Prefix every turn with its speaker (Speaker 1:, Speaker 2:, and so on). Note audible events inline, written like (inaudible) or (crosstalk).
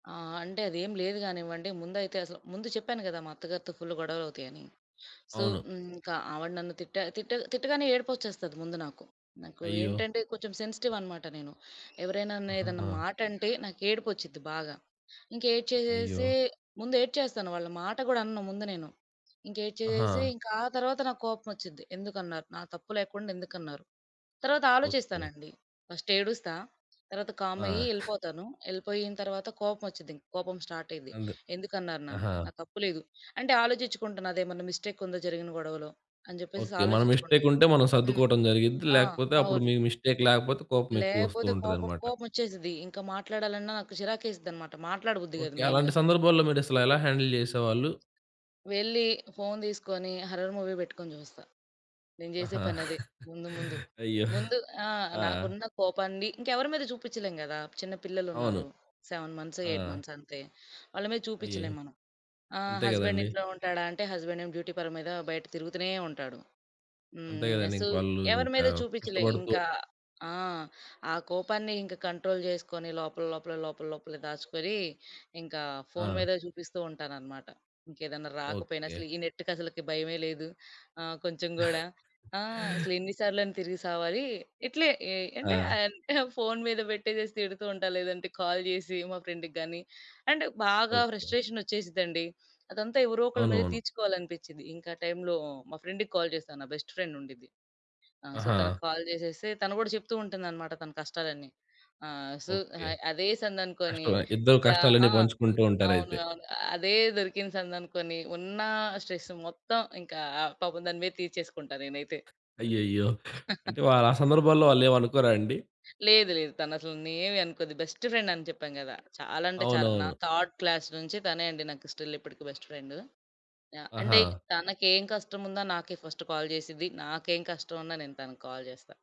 Speaker 1: ఆ! అంటే, అదేం లేదు కానివ్వండి. ముందైతే అసలు ముందు చెప్పాను కదా! మా అత్తగారితో ఫుల్లు గొడవలవుతాయని. సో,
Speaker 2: అవును.
Speaker 1: హ్మ్. ఇంక ఆవిడ నన్ను తిట్టా తిట్ట తిట్టగానే ఏడుపొచ్చేస్తది ముందు నాకు. నాకు
Speaker 2: అయ్యో!
Speaker 1: ఏంటంటే, కొచెం సెన్సిటివ్ అనమాట నేను. ఎవరేనా అన్నా ఏదన్నా
Speaker 2: ఆహాహా!
Speaker 1: మాటంటే, నాకేడుపొచ్చిద్ది బాగా.
Speaker 2: అయ్యో!
Speaker 1: ఇంకేడ్చేసేసి ముందు ఏడ్చేస్తాను. వాళ్ళ మాట కూడా అనను ముందు నేను. ఇంక ఏడ్చేసేసి,
Speaker 2: ఆహా!
Speaker 1: ఇంక ఆ తర్వాత నాకు కోపం వచ్చిద్ది. ఎందుకన్నారు? నా తప్పు లేకుండా, ఎందుకన్నారు? తరవాత
Speaker 2: ఓకే.
Speaker 1: ఆలోచిస్తానండి. ఫస్ట్ ఏడుస్తా. తర్వాత కామయ్యి
Speaker 2: ఆ!
Speaker 1: ఎళిపోతాను. ఎళిపోయిన తరవాత, కోపం వచ్చిద్ది. ఇంక కోపం స్టాటయిద్ది.
Speaker 2: అందు
Speaker 1: ఎందుకన్నారు నన్ను?
Speaker 2: ఆహా!
Speaker 1: నా తప్పు లేదు. అంటే ఆలోచించుకుంటా. నాదేమన్నా మిస్టేక్ ఉందా జరిగిన గొడవలో? అని చెప్పేసేసి
Speaker 2: ఓకే. మన
Speaker 1: ఆలోచిచ్చుకుంటా.
Speaker 2: మిస్టేకుంటే మనం
Speaker 1: హ్మ్.
Speaker 2: సద్దుకోవడం జరిగిద్ది.
Speaker 1: ఆ!
Speaker 2: లేకపోతే అప్పుడు
Speaker 1: అవును.
Speaker 2: మీకు మిస్టేక్ లేకపోతే, కోపం ఎక్కువ వస్తూ
Speaker 1: లేపోతే కోపం
Speaker 2: ఉంటదనమాట.
Speaker 1: కోపమొచ్చేసిద్ది. ఇంక మాట్లాడాలన్నా, నాకు చిరాకేసిద్దనమాట. మాట్లాడబుద్ది కాదు
Speaker 2: ఓకే. అలాంటి
Speaker 1: మెయిన్‌గా.
Speaker 2: సందర్భాల్లో మీరసలు ఎలా హ్యాండిల్ చేసేవాళ్ళు?
Speaker 1: వెళ్లి, ఫోన్ తీసుకోని, హర్రర్ మూవీ పెట్టుకొని జూస్తా. నేను జేసే
Speaker 2: ఆహా!
Speaker 1: పనదే, ముందు,
Speaker 2: (chuckles)
Speaker 1: ముందు,
Speaker 2: అయ్యో!
Speaker 1: ముందు ఆ!
Speaker 2: ఆ!
Speaker 1: నాకున్న కోపాన్ని ఇంకెవరి మీద చూపిచ్చలేం కదా! చిన్న
Speaker 2: అవును.
Speaker 1: పిల్లలున్నారు. 7 మంత్స్,
Speaker 2: ఆ!
Speaker 1: 8 మంత్స్ అంతే. వాళ్ళ మీద
Speaker 2: అయ్యే!
Speaker 1: చూపిచ్చలేం మనం. ఆహ్,
Speaker 2: అంతే
Speaker 1: హస్బెండ్
Speaker 2: కదండీ!
Speaker 1: ఇంట్లో ఉంటాడా అంటే, హస్బెండేమో డ్యూటీ పని మీద, బయట తిరుగుతునే ఉంటాడు.
Speaker 2: అంతే
Speaker 1: హ్మ్. య
Speaker 2: కదండీ!
Speaker 1: సు
Speaker 2: ఇంక వాళ్ళు
Speaker 1: ఎవరి
Speaker 2: ఇంకా
Speaker 1: మీదా చూపిచ్చలే.
Speaker 2: కష్టపడుతూ
Speaker 1: ఇంక ఆ! ఆ కోపాన్ని ఇంక కంట్రోల్ జేసుకొని, లోపల లోపల, లోపల, లోపలే దాచుకొని, ఇంకా ఫోన్
Speaker 2: ఆ!
Speaker 1: మదే చూపిస్తూ ఉంటాననమాట. ఇంకేదన్నా రాకపోయినా
Speaker 2: ఓకే.
Speaker 1: అసలు ఈ నెట్‌కి అసలకి భయమే లేదు. ఆహ్, కొంచెం గూడా.
Speaker 2: (chuckles)
Speaker 1: ఆ! అసలెన్నిసార్లని తిరిగి సావాలి! ఇట్లే. ఏయ్ అంటే,
Speaker 2: ఆ!
Speaker 1: ఆహ్, (chuckles) ఫోన్ మీద పెట్టేసేసి తిడుతూ ఉంటా. లేదంటే కాల్ జేసి మా ఫ్రెండ్‌కి గాని అండ్ బాగా
Speaker 2: ఓకే.
Speaker 1: ఫ్రస్ట్రేషనొచ్చేసిద్దండి. అదంతా ఎవరో ఒకళ్ళ
Speaker 2: అవును.
Speaker 1: మీద
Speaker 2: అవును.
Speaker 1: తీర్చుకోవాలనిపిచిద్ది. ఇంకా టైంలో మా ఫ్రెండ్‌కి కాల్ చేస్తా. నా బెస్ట్ ఫ్రెండ్ ఉండిద్ది. ఆహ్, సో,
Speaker 2: ఆహా!
Speaker 1: తనకి కాల్ జేసేస్తే, తను కూడా చెప్తూ ఉంటుందనమాట తన కష్టాలన్నీ. ఆహ్, సు
Speaker 2: ఓకే.
Speaker 1: హాయ్ అదే సందనుకోని,
Speaker 2: కష్టవే! ఇద్దరూ
Speaker 1: ఇంక
Speaker 2: కష్టాలన్నీ
Speaker 1: ఆ!
Speaker 2: పంచుకుంటూ
Speaker 1: అవును.
Speaker 2: ఉంటారయితే!
Speaker 1: అవును. అదే దొరికిన సందనుకొని, ఉన్నా స్ట్రెస్ మొత్తం ఇంకా, పాపం దాని మీద తీర్చేసుకుంటా నేనైతే.
Speaker 2: అయ్యయ్యో! అంటే
Speaker 1: (laughs)
Speaker 2: వాళ్ళా సందర్భాల్లో, వాళ్ళేం అనుకోరా అండి?
Speaker 1: లేదు. లేదు. తనసలు ఏవీ అనుకోదు. బెస్ట్ ఫ్రెండని చెప్పాను కదా! చాలా, అంటే చాలా. నా
Speaker 2: అవునవును.
Speaker 1: థర్డ్ క్లాస్ నుంచి, తనే అండి నాకు స్టిల్ ఇప్పటికీ బెస్ట్ ఫ్రెండు. ఆ! అంటే
Speaker 2: ఆహా!
Speaker 1: తనకేం కష్టముందో, నాకే ఫస్ట్ కాల్ చేసిద్ది. నాకేం కష్టం ఉన్నా, నేను తనకి కాల్ చేస్తా.